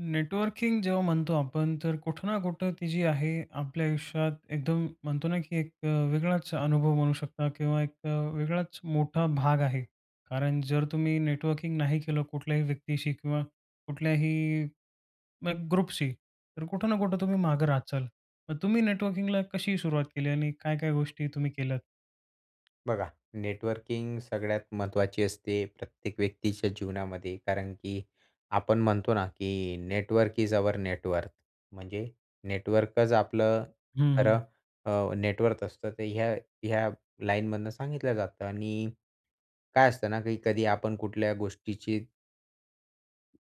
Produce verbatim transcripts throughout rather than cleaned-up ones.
Networking जेव्हा म्हणतो आपण, तर कुठं ना कुठं ती जी आहे आपल्या आयुष्यात एकदम म्हणतो ना, की एक अ, वेगळाच अनुभव बनू शकता किंवा एक वेगळाच मोठा भाग आहे. कारण जर तुम्ही नेटवर्किंग नाही केलं कुठल्याही व्यक्तीशी किंवा कुठल्याही, मग ग्रुपशी, तर कुठं ना कुठं तुम्ही मागं राहत जाल. मग तुम्ही नेटवर्किंगला कशी सुरुवात केली? आणि काय काय गोष्टी तुम्ही केल्यात? बघा. नेटवर्किंग सगळ्यात महत्त्वाची असते प्रत्येक व्यक्तीच्या जीवनामध्ये. कारण की आपण म्हणतो ना, की network is our net worth. म्हणजे नेटवर्कच आपलं हं, खरं हं. अ, नेट वर्थ असतं. तर ह्या ह्या लाईनमधनं सांगितलं जातं. आणि काय असतं ना, की कधी आपण कुठल्या गोष्टीची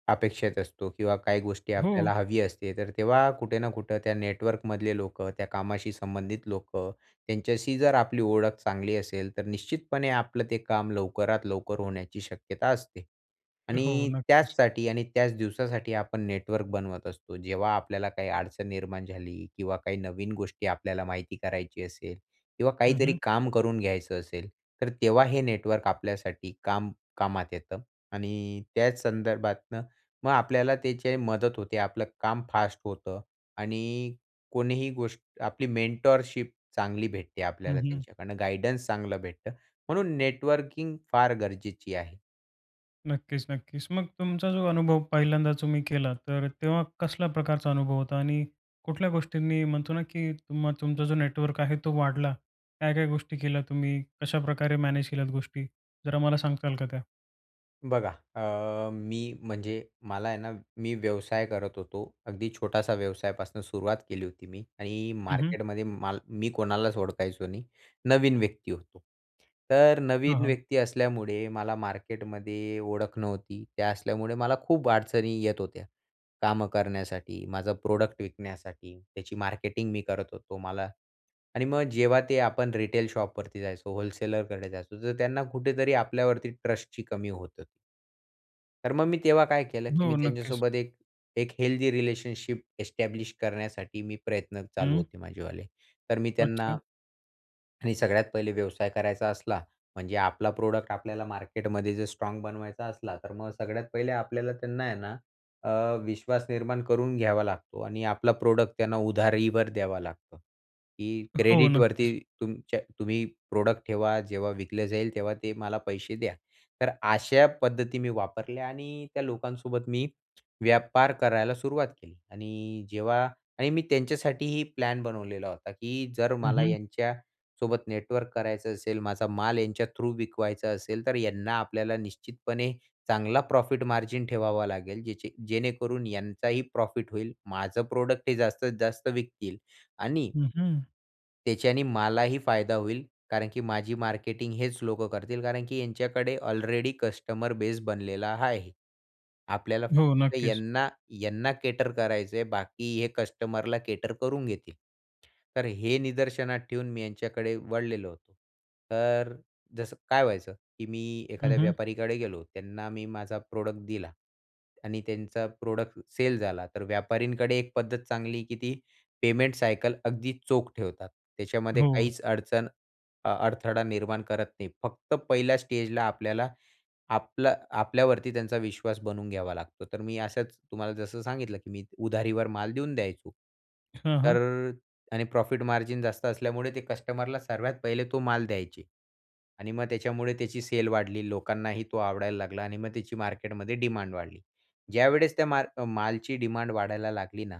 अपेक्षेत असतो किंवा काही गोष्टी हो. आपल्याला हवी असते. तर तेव्हा कुठे ना कुठे त्या नेटवर्कमधले लोकं त्या कामाशी संबंधित लोकं त्यांच्याशी जर आपली ओळख चांगली असेल, तर निश्चितपणे आपलं ते काम लवकरात लवकर होण्याची शक्यता असते. हो. आणि नक्कीच त्याचसाठी आणि त्याच दिवसासाठी आपण नेटवर्क बनवत असतो. जेव्हा आपल्याला काही अडचण निर्माण झाली किंवा काही नवीन गोष्टी आपल्याला माहिती करायची असेल किंवा हं, काहीतरी हं. काम करून घ्यायचं असेल. तर तेव्हा हे नेटवर्क आपल्यासाठी काम कामात येतं आणि त्याच संदर्भातनं मग आपल्याला त्याची मदत होते. आपलं काम फास्ट होतं आणि कोणीही गोष्ट आपली मेंटरशिप चांगली भेटते हं, आपल्याला हं. त्यांच्याकडनं. गाईडन्स चांगलं भेटतं. म्हणून नेटवर्किंग फार गरजेची आहे. नक्कीच, नक्कीच. मग तुमचा जो अनुभव पहिल्यांदा तुम्ही केला तर तेव्हा कसल्या प्रकारचा अनुभव होता आणि कुठल्या गोष्टींनी म्हणतो ना, की तुम्हा तुमचा जो नेटवर्क आहे तो वाढला? काय-काय गोष्टी केल्या तुम्ही? कशाप्रकारे मॅनेज केल्या गोष्टी? जरा मला सांगताल का त्या? बघा. अ, मी म्हणजे मला आहे ना मी व्यवसाय करत होतो. अगदी छोटासा व्यवसायापासनं सुरुवात केली होती मी आणि हं, हं. मार्केटमध्ये माल मी कोणालाच ओळखायचो नाही, नवीन व्यक्ती होतो. तर हां, नवीन हां. व्यक्ती असल्यामुळे मला मार्केटमध्ये ओळख नव्हती. ते असल्यामुळे मला खूप अडचणी येत होत्या, कामं करण्यासाठी, माझं प्रोडक्ट विकण्यासाठी. त्याची मार्केटिंग मी करत होतो मला आणि मग जेव्हा ते आपण रिटेल शॉपवरती जायचो, होल्सेलरकडे जायचो, जर त्यांना कुठेतरी आपल्यावरती ट्रस्टची कमी होतं. तर मग मी तेव्हा काय केलं, की हो. मी नक्कीच. त्यांच्यासोबत एक, एक हेल्दी रिलेशनशिप एस्टॅब्लिश करण्यासाठी मी प्रयत्न चालू हं. होते माझेवाले. तर मी त्यांना अच्छा. आणि सगळ्यात पहिले व्यवसाय करायचा असला म्हणजे आपला प्रॉडक्ट आपल्याला मार्केटमध्ये जर स्ट्राँग बनवायचा असला, तर मग सगळ्यात पहिले आपल्याला त्यांना आहे ना अ, विश्वास निर्माण करून घ्यावा लागतो आणि आपला प्रॉडक्ट त्यांना उधारीवर द्यावा लागतो. की हो. क्रेडिटवरती नक्कीच. तुमच्या तुम्ही प्रॉडक्ट ठेवा, जेव्हा विकलं जाईल तेव्हा ते मला पैसे द्या. तर अशा पद्धती मी वापरल्या आणि त्या लोकांसोबत मी व्यापार करायला सुरुवात केली. आणि जेव्हा आणि मी त्यांच्यासाठीही प्लॅन बनवलेला होता, की जर हं, मला हं. यांच्यासोबत नेटवर्क करायचं असेल माझा माल यांच्या थ्रू विकवायचा असेल, तर यांना आपल्याला निश्चितपणे चांगला प्रॉफिट मार्जिन ठेवावा लागेल जेचे जेणेकरून यांचाही प्रॉफिट होईल, माझं प्रॉडक्ट हे जास्तीत जास्त विकतील आणि हं, हं. त्याच्याने मलाही फायदा होईल कारण की माझी मार्केटिंग हेच लोकं करतील कारण की यांच्याकडे ऑलरेडी कस्टमर बेस बनलेला हाआहे. आपल्याला हो. फक्त नक्कीच. यांना यांना केटर करायचं आहे बाकी हे कस्टमरला केटर करून घेतील. तर हे निदर्शनात ठेऊन मी यांच्याकडे वळलेलो होतो. तर जसं काय व्हायचं, की मी हं, एखाद्या हं. व्यापारीकडे गेलो त्यांना मी माझा प्रोडक्ट दिला. आणि त्यांचा प्रोडक्ट सेल झाला, तर व्यापारींकडे एक पद्धत चांगली की ती पेमेंट सायकल अगदी चोख ठेवतात. त्याच्यामध्ये हो. काहीच अडचण अ अडथळा निर्माण करत नाहीत. फक्त पहिल्या स्टेजला आपल्याला आपला आपल्यावरती त्यांचा विश्वास बनवून घ्यावा लागतो. तर मी असच तुम्हाला जसं सांगितलं की मी उधारीवर माल देऊन द्यायचो, हं, तर हं. आणि प्रॉफिट मार्जिन जास्त असल्यामुळे ते कस्टमरला सर्वात पहिले तो माल द्यायचे. आणि मग त्याच्यामुळे त्याची सेल वाढली लोकांनाही तो आवडायला लागला. आणि मग त्याची मार्केटमध्ये डिमांड वाढली. ज्यावेळेस त्या माल मालची डिमांड वाढायला लागली ना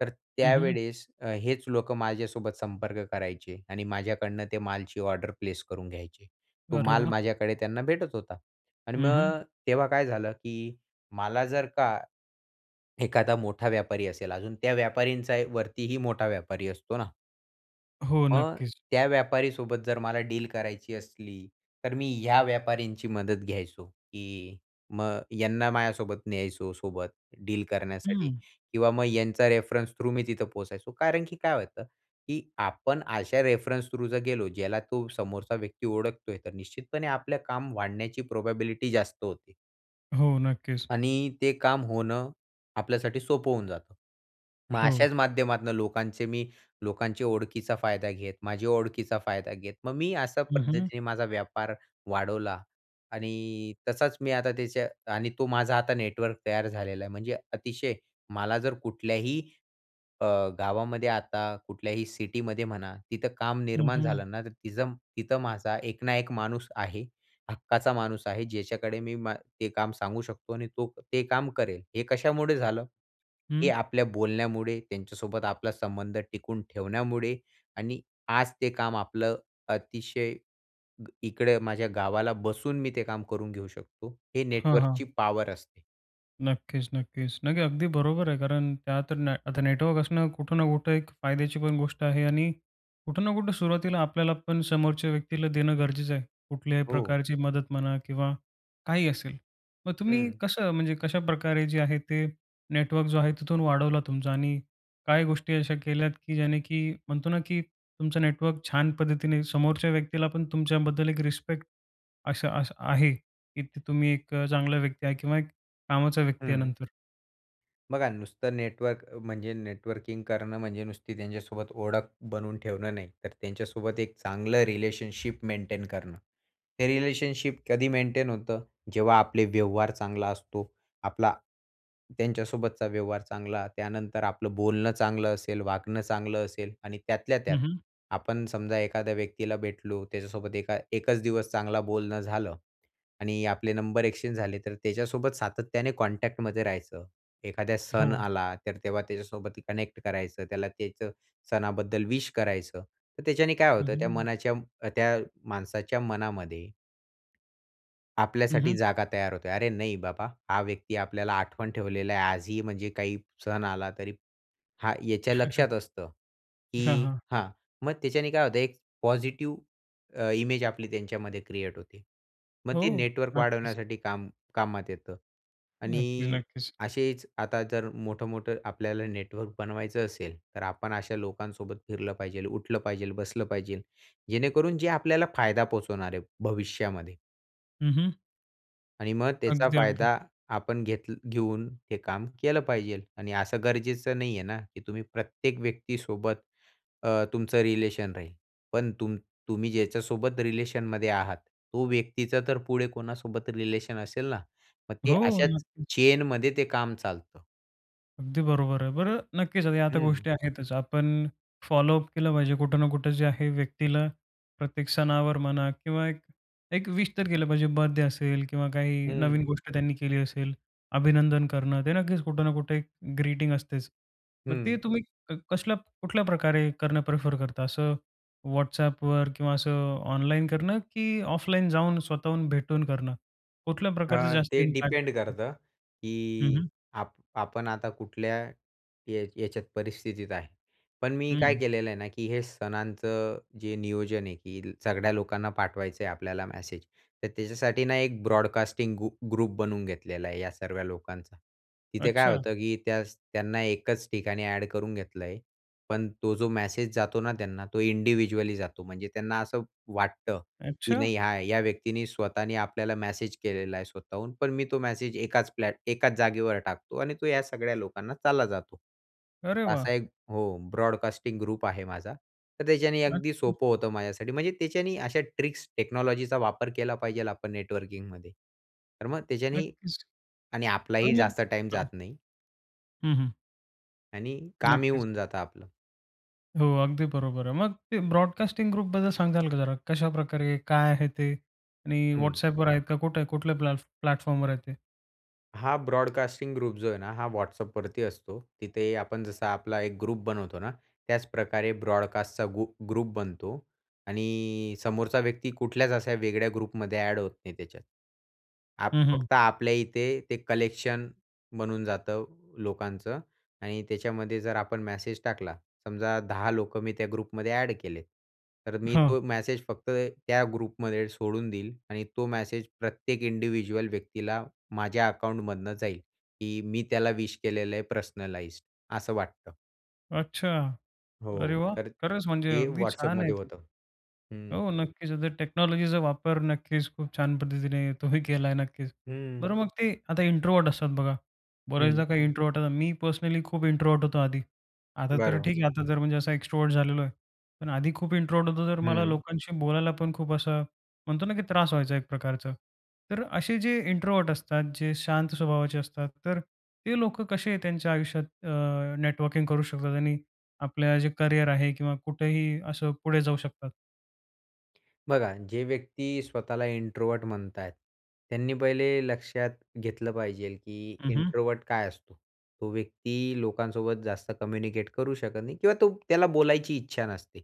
तर हं, हं. त्यावेळेस हेच लोकं माझ्यासोबत संपर्क करायचे. आणि माझ्याकडनं ते मालची ऑर्डर प्लेस करून घ्यायचे. तो अरे माल वाह! माझ्याकडे त्यांना भेटत होता. आणि हं, हं. मग, तेव्हा काय झालं की मला जर का एखादा मोठा व्यापारी असेल अजून त्या व्यापारींचा वरती ही मोठा व्यापारी असतो ना? हो. मग नक्कीच. त्या व्यापारीसोबत जर मला डील करायची असली तर मी ह्या व्यापाऱ्यांची मदत घ्यायचो की मग यांना माझ्यासोबत न्यायचो सोबत डील करण्यासाठी हं. किंवा मग यांचा रेफरन्स थ्रू मी तिथं पोहोचायचो. कारण की काय होतं की आपण अशा रेफरन्स थ्रू जर गेलो ज्याला तो समोरचा व्यक्ती ओळखतोय तर निश्चितपणे आपलं काम वाढण्याची प्रोबॅबिलिटी जास्त होते. हो. नक्कीच. आणि ते काम होणं आपल्यासाठी सोपं होऊन जातं. मग हो. अशाच माध्यमातनं लोकांचे मी, लोकांची ओळखीचा फायदा घेत, माझी ओळखीचा फायदा घेत मग मी अशा हं, हं. पद्धतीने माझा व्यापार वाढवला. आणि तसाच मी आता त्याचे आणि तो माझा आता नेटवर्क तयार झालेला आहे. म्हणजे अतिशय मला जर कुठल्याही अ, गावामध्ये आता कुठल्याही सिटीमध्ये म्हणा तिथं काम हं, निर्माण हं. झालं ना तर तिचं तिथं माझा एक ना एक माणूस आहे. हक्काचा माणूस आहे ज्याच्याकडे मी मा ते काम सांगू शकतो आणि तो ते काम करेल. हे कशामुळे झालं? हे हं. आपल्या बोलण्यामुळे, त्यांच्यासोबत आपला संबंध टिकून ठेवण्यामुळे आणि आज ते काम आपलं अतिशय ग इकडे माझ्या गावाला बसून मी ते काम करून घेऊ शकतो. हे हां, नेटवर्कची हां. पॉवर असते. नक्कीच, नक्कीच. नाही ते अगदी बरोबर आहे. कारण का तर आता नेटवर्क असणं कुठं ना कुठं एक फायद्याची पण गोष्ट आहे आणि कुठं ना कुठं सुरुवातीला आपल्याला पण समोरच्या व्यक्तीला देणं गरजेचं आहे. कुठल्याही हो. प्रकारची मदत म्हणा किंवा काहीही असेल. मग तुम्ही हं. कसं म्हणजे, कशाप्रकारे जे आहे ते नेटवर्क जो आहे तिथून वाढवला तुमचा? आणि काय गोष्टी अशा केल्यात, की ज्याने, की म्हणतो ना, की तुमचं नेटवर्क छान पद्धतीने समोरच्या व्यक्तीला, पण तुमच्याबद्दल एक रिस्पेक्ट असं असं आहे, की तुम्ही एक चांगला व्यक्ती आहे किंवा एक कामाचा व्यक्ती आहे हं. नंतर? बघा. नुसतं नेटवर्क म्हणजे नेटवर्किंग करणं म्हणजे नुसती त्यांच्यासोबत ओळख बनवून ठेवणं नाही. तर त्यांच्यासोबत एक चांगलं रिलेशनशिप मेंटेन करणं. हे रिलेशनशिप कधी मेंटेन होतं? जेव्हा आपले व्यवहार चांगला असतो, आपला, त्यांच्यासोबतचा व्यवहार चांगला, त्यानंतर आपलं बोलणं चांगलं असेल, वागणं चांगलं असेल आणि त्यातल्या त्यात हं, हं. आपण समजा एखाद्या व्यक्तीला भेटलो त्याच्यासोबत एका एकचं दिवस चांगला बोलणं झालं. आणि आपले नंबर एक्सचेंज झाले तर त्याच्यासोबत सातत्याने कॉन्टॅक्टमध्ये राहायचं. एखादा सण हो. आला, तर तेव्हा त्याच्यासोबत कनेक्ट करायचं, त्याला त्याचं सणाबद्दल विश करायचं. तर त्याच्याने काय हं, होतं? त्या हं. मनाच्या त्या माणसाच्या मनामध्ये हं, आपल्यासाठी हं. जागा तयार होते. अरे, नाही बाबा हा व्यक्ती आपल्याला आठवण ठेवलेला आहे आजही म्हणजे काही सण आला तरी हा याच्या लक्षात असतं, हां, की हां. हा मग त्याच्याने काय होतं? एक पॉझिटिव्ह अ, इमेज आपली त्यांच्यामध्ये क्रिएट होते. मग ते हो. नेटवर्क नक्कीच. वाढवण्यासाठी काम कामात येतं. नक्कीच, आणि नक्कीच. असेचं आता जर मोठं-मोठं आपल्याला नेटवर्क बनवायचं असेल. तर आपण अशा लोकांसोबत फिरलं पाहिजेल, उठलं पाहिजेल, बसलं पाहिजेल. जेणेकरून जे आपल्याला फायदा पोहचवणार आहे भविष्यामध्ये. हं, हं. आणि मग त्याचा अगदी, अगदी. फायदा आपण घेत घेऊन ते काम केलं पाहिजे. आणि असं गरजेचं नाही आहे ना, की तुम्ही प्रत्येक व्यक्तीसोबत अ, तुमचं रिलेशन राहील. पण तुम तुम्ही ज्याच्यासोबत रिलेशनमध्ये आहात, तो व्यक्तीचा तर पुढे कोणासोबत रिलेशन असेल ना, मग ते हो. अशाच नक्कीच. चेनमध्ये ते काम चालतं. अगदी बरोबर आहे. बरं. नक्कीच. आता या तर हं. गोष्टी आहेतच. आपण फॉलोअप केलं पाहिजे. कुठं ना कुठं जे आहे व्यक्तीला प्रत्येक सणावर म्हणा किंवा एक एक विश तर केलं पाहिजे. बर्थडे असेल किंवा काही नवीन हं. गोष्ट त्यांनी केली असेल. अभिनंदन करणं ते नक्कीच कुठं ना कुठे एक ग्रीटिंग असतेच. मग ते हं. तुम्ही कसल्या कुठल्याप्रकारे करणं प्रिफर करता? असं WhatsAppवर किंवा असं ऑनलाईन करणं, की ऑफलाईन जाऊन स्वतःहून भेटून करणं. कुठल्या अ, प्रकारचं जास्त ते इम्पॅक्ट डिपेंड येतं? करतं, हं, की हं. आप आपण आता कुठल्या या याच्यात परिस्थितीत आहे. पण मी काय हं. केलेलं आहे ना, की हे सणांचं जे नियोजन आहे, की सगळ्या लोकांना पाठवायचं आहे आपल्याला मॅसेज, तर त्याच्यासाठी ना एक ब्रॉडकास्टिंग गु ग्रुप बनवून घेतलेला आहे या सर्वा लोकांचा. तिथे काय अच्छा. होतं, की त्याच त्यांना एकच ठिकाणी ॲड करून घेतलं आहे. पण तो जो मेसेज जातो ना त्यांना तो इंडिव्हिज्युअली जातो. म्हणजे त्यांना असं वाटतं, की अच्छा? नाही या व्यक्तीने स्वतःने आपल्याला मेसेज केलेला आहे स्वतःहून. पण मी तो मेसेज एकाच प्लॅट एकाच जागेवर टाकतो. आणि तो या सगळ्या लोकांना चालला जातो. अरे वाह! असा एक हो ब्रॉडकास्टिंग ग्रुप आहे माझा. तर त्याच्याने अगदी अच्छा. सोपं होतं माझ्यासाठी. म्हणजे त्याच्याने अशा ट्रिक्स टेक्नॉलॉजीचा वापर केला पाहिजे आपण नेटवर्किंगमध्ये. तर मग त्याच्याने नक्कीच. आणि आपलाही आणि मग जास्त टाईम हां. जात नाही. हं, हं. आणि कामही नक्कीच. होऊन जातं आपलं. हो, अगदी बरोबर आहे. मग ते ब्रॉडकास्टिंग ग्रुपबद्दल सांगताल का जरा? कशाप्रकारे? काय आहे ते? आणि हं. WhatsAppवर आहे का? कुठे कुठल्या प्लॅटफ् प्लॅटफॉर्मवर आहे ते? हा ब्रॉडकास्टिंग ग्रुप जो आहे ना, हा WhatsAppवरती असतो. तिथे आपण जसा आपला एक ग्रुप बनवतो ना, त्याच प्रकारे ब्रॉडकास्टचा गु ग्रुप बनतो आणि समोरचा व्यक्ती कुठल्याच अशा वेगळ्या ग्रुपमध्ये ॲड होत नाही त्याच्यात. आप हं, हं. फक्त आपल्या इथे ते कलेक्शन बनून जातं, लोकांचं आणि त्याच्यामध्ये जर आपण मेसेज टाकला, समजा दहा लोकं मी त्या ग्रुपमध्ये ॲड केले, तर मी हां. तो मेसेज फक्त त्या ग्रुपमध्ये सोडून देईल आणि तो मेसेज प्रत्येक इंडिव्हिज्युअल व्यक्तीला माझ्या अकाउंटमधनं जाईल, की मी त्याला विश केलेलं आहे पर्सनलाइज्ड. असं वाटतं. अच्छा. अरे हो. वाह! तर खरंच म्हणजे, ते अगदी छान आहे WhatsAppमध्ये ते. होतं. हं. हो, नक्कीच. आता टेक्नॉलॉजीचा वापर नक्कीच खूप छान पद्धतीने तुम्ही केला आहे, नक्कीच. हं. बरं मग ते, आता इंट्रोव्हर्ट असतात बघा. बऱ्याचदा हं. काही इंट्रोव्हर्ट आता मी पर्सनली खूप इंट्रोव्हर्ट होतो आधी. आता तर बरोबर. ठीक आहे, आता जर म्हणजे असा एक्स्ट्रोव्हर्ट झालेलो आहे. पण आधी खूप इंट्रोव्हर्ट होतो, तर मला हं. लोकांशी बोलायला पण खूप असं, म्हणतो ना की त्रास व्हायचा एक प्रकारचा. तर असे जे इंट्रोव्हर्ट असतात, जे शांत स्वभावाचे असतात, तर ते लोकं कसे त्यांच्या आयुष्यात अ, नेटवर्किंग करू शकतात आणि आपलं जे करियर आहे, किंवा कुठेही असं, पुढे जाऊ शकतात? बघा जे व्यक्ती स्वतःला इंट्रोव्हर्ट म्हणत आहेत, त्यांनी पहिले लक्षात घेतलं पाहिजेल, की हं, हं. इंट्रोव्हर्ट काय असतो? तो व्यक्ती लोकांसोबत जास्त कम्युनिकेट करू शकत नाही किंवा तो त्याला बोलायची इच्छा नसते.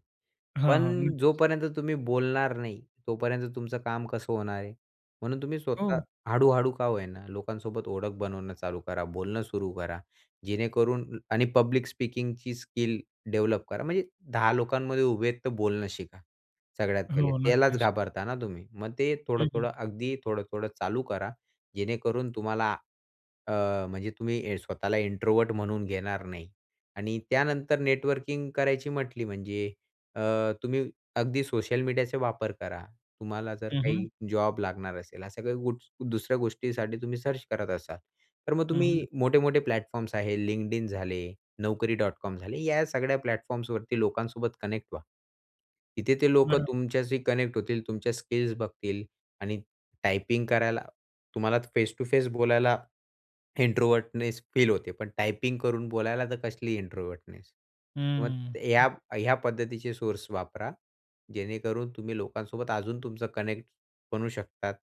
हां, हां. पण नक्कीच. जोपर्यंत तुम्ही बोलणार नाही, तोपर्यंत तुमचं काम कसं होणार आहे? म्हणून तुम्ही स्वतः हो. हळू-हळू का होईना लोकांसोबत ओळख बनवणं चालू करा, बोलणं सुरू करा. जेणेकरून आणि पब्लिक स्पीकिंगची स्किल डेव्हलप करा म्हणजे दहा लोकांमध्ये उभे आहेत तर बोलणं शिका सगळ्यात पहिले. हो. त्यालाचं नक्कीच. घाबरता ना तुम्ही. मग ते हं, हं. थोडं-थोडं अगदी थोडं-थोडं चालू करा. जेणेकरून तुम्हाला अ, म्हणजे तुम्ही स्वतःला इंट्रोवर्ट म्हणून घेणार नाही. आणि त्यानंतर नेटवर्किंग करायची म्हटली म्हणजे अ, तुम्ही अगदी सोशल मीडियाचा वापर करा. तुम्हाला जर हं, हं. काही जॉब लागणार असेल अशा काही दुसऱ्या गोट गोष्टीसाठी तुम्ही सर्च करत असाल, तर मग हं, हं. तुम्ही मोठे-मोठे प्लॅटफॉर्म्स आहे LinkedIn झाले, naukari.com झाले या सगळ्या प्लॅटफॉर्म्सवरती लोकांसोबत कनेक्ट व्हा. तिथे ते लोकं बरं. तुमच्याशी कनेक्ट होतील. तुमच्या स्किल्स बघतील आणि टायपिंग करायला तुम्हाला फेस टू फेस बोलायला इंट्रोव्हर्टनेस फील होते पण टायपिंग करून बोलायला तर कसली इंट्रोव्हर्टनेस. तर मग हं, हं. ह्या ह्या पद्धतीचे सोर्स वापरा, जेणेकरून तुम्ही लोकांसोबत अजून तुमचं कनेक्ट बनवू शकतात.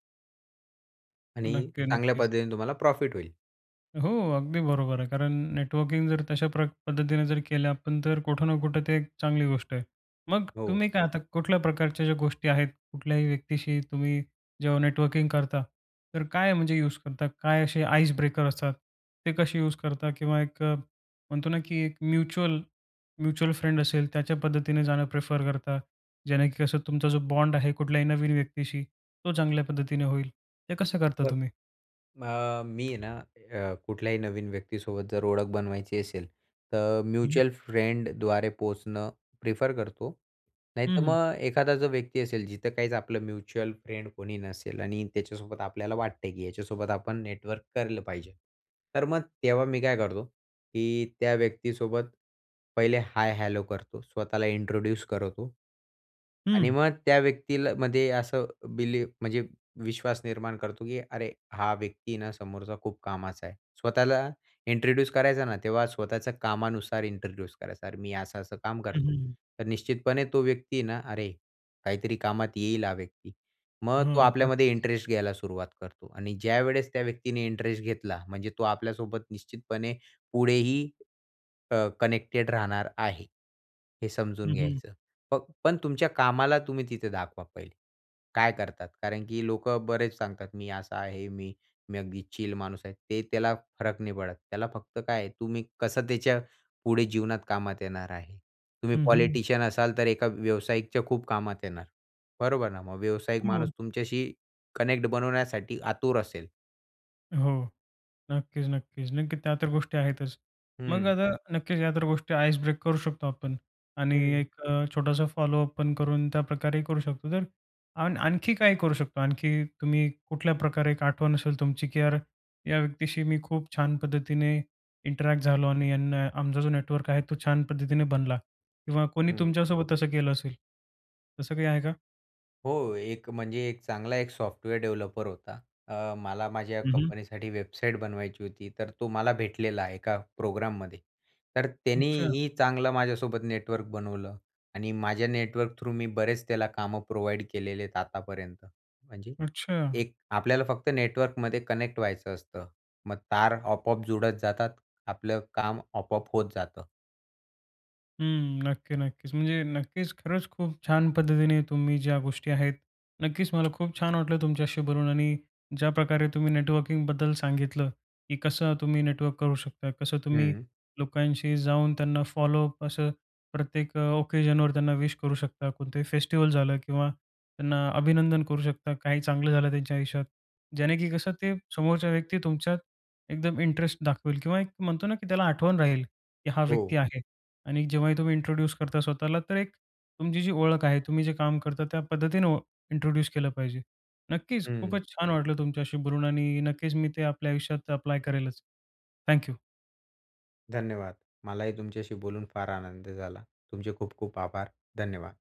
आणि नक्की, चांगल्या नक्कीच. पद्धतीने तुम्हाला प्रॉफिट होईल. हो. अगदी बरोबर आहे. कारण नेटवर्किंग जर तशा प्र पद्धतीने जर केलं आपण. तर कुठं ना कुठं ते एक चांगली गोष्ट आहे. मग हो. तुम्ही काय आता कुठल्या प्रकारच्या ज्या गोष्टी आहेत. कुठल्याही व्यक्तीशी तुम्ही जेव्हा नेटवर्किंग करता. तर काय म्हणजे यूज करता? काय असे आईस ब्रेकर असतात? ते कसे यूज करता? किंवा एक म्हणतो ना, की एक म्युच्युअल, म्युच्युअल फ्रेंड असेल. त्याच्या पद्धतीने जाणं प्रिफर करता. जेणे की कसं तुमचा जो बॉन्ड आहे कुठल्याही नवीन व्यक्तीशी, तो चांगल्या पद्धतीने होईल. ते कसं करता बरं. तुम्ही? मग मी आहे ना अ, कुठल्याही नवीन व्यक्तीसोबत जर ओळख बनवायची असेल. तर हं. म्युच्युअल फ्रेंडद्वारे पोहोचणं प्रिफर करतो. हं, नाहीतर हं. मग एखादा जो व्यक्ती असेल, जिथं काहीच आपलं म्युच्युअल फ्रेंड कोणी नसेल आणि त्याच्यासोबत आपल्याला वाटत आहे, की याच्यासोबत आपण नेटवर्क करलं पाहिजे. तर मग तेव्हा मी काय करतो, की त्या व्यक्तीसोबत पहिले हाय हॅलो करतो. स्वतःला इंट्रोड्यूस करतो. आणि हं. मग त्या व्यक्तील मध्ये असं बिली म्हणजे विश्वास निर्माण करतो, की अरे, हा व्यक्ती ना समोरचा खूप कामाचा आहे. स्वतःला इंट्रोड्यूस करायचा ना, तेव्हा स्वतःच्या कामानुसार इंट्रोड्यूस करायचा. "अरे, मी असं असं काम हं, हं, करतो." हं. तर निश्चितपणे तो व्यक्ती ना, अरे, काहीतरी कामात येईल हा व्यक्ती. मग तो हां. आपल्यामध्ये नक्कीच. इंटरेस्ट घ्यायला सुरुवात करतो. आणि ज्यावेळेस त्या व्यक्तीने इंटरेस्ट घेतला. म्हणजे तो आपल्यासोबत निश्चितपणे पुढेही अ, कनेक्टेड राहणार आहे हे समजून हं, हं. घ्यायचं. फक्त पण तुमच्या कामाला तुम्ही तिथे दाखवा पहिले. काय करतात? कारण की लोकं बरेच सांगतात. "मी असा आहे. मी, मी अगदी चिल माणूस आहे." ते त्याला फरक नाही पडत. त्याला फक्त काय आहे. तुम्ही कसं त्याच्या पुढे जीवनात कामात येणार आहे? तुम्ही हं, हं. पॉलिटिशियन असाल, तर एका व्यावसायिकच्या खूप कामात येणार. बरोबर ना. मग व्यावसायिक माणूस हो. तुमच्याशी कनेक्ट बनवण्यासाठी आतुर असेल. हो. नक्कीच, नक्कीच. नक्की त्या तर गोष्टी आहेतच. मग हं. आता नक्कीच या तर गोष्टी आईस ब्रेक करू शकतो आपण. आणि हं. एक अ, छोटासा फॉलोअप पण करून त्याप्रकारेही करू शकतो. तर आण आणखी काही करू शकतो? आणखी तुम्ही कुठल्या प्रकारे एक आठवण असेल तुमची, की यार या व्यक्तीशी मी खूप छान पद्धतीने इंटरॅक्ट झालो आणि यांना आमचा जो नेटवर्क आहे तो छान पद्धतीने बनला किंवा कोणी हं. तुमच्यासोबत तसं केलं असेल. तसं काही आहे का? हो. एक म्हणजे एक चांगला एक सॉफ्टवेअर डेव्हलपर होता. अ, मला माझ्या हं, हं. कंपनीसाठी वेबसाईट बनवायची होती. तर तो मला भेटलेला आहे एका प्रोग्राममध्ये. तर अच्छा. त्यानेही चांगलं माझ्यासोबत नेटवर्क बनवलं आणि माझ्या नेटवर्क थ्रू मी बरेच त्याला कामं प्रोव्हाईड केलेले आहेत आतापर्यंत. म्हणजे अच्छा. एक आपल्याला फक्त नेटवर्कमध्ये कनेक्ट व्हायचं असतं. मग तार आपोआप जुळत जातात, आपलं काम आपोआप होत जातं. हं. नक्की, नक्कीच. म्हणजे नक्कीच खरंच खूप छान पद्धतीने तुम्ही ज्या गोष्टी आहेत. नक्कीच मला खूप छान वाटलं तुमच्याशी बोलून आणि ज्याप्रकारे तुम्ही नेटवर्किंगबद्दल सांगितलं, की कसं तुम्ही नेटवर्क करू शकता, कसं तुम्ही हं. लोकांशी जाऊन त्यांना फॉलोअप असं प्रत्येक ओकेजनवर त्यांना विश करू शकता. कोणतंही फेस्टिव्हल झालं किंवा त्यांना अभिनंदन करू शकता काही चांगलं झालं त्यांच्या आयुष्यात जेणे, की कसं ते समोरच्या व्यक्ती तुमच्यात एकदम इंटरेस्ट दाखवेल किंवा एक म्हणतो ना, की त्याला आठवण राहील, की हा व्यक्ती हो. आहे. आणि जेव्हाही तुम्ही इंट्रोड्यूस करता स्वतःला तर एक तुमची जी ओळख आहे, तुम्ही जे काम करता त्या पद्धतीने इंट्रोड्यूस केलं पाहिजे. नक्कीच हं. खूपच छान वाटलं तुमच्याशी बोलून आणि नक्कीच मी ते आपल्या आयुष्यात अप्लाय करेलच. Thank you. धन्यवाद. मलाही तुमच्याशी बोलून फार आनंद झाला. तुमचे खूप खूप आभार. धन्यवाद.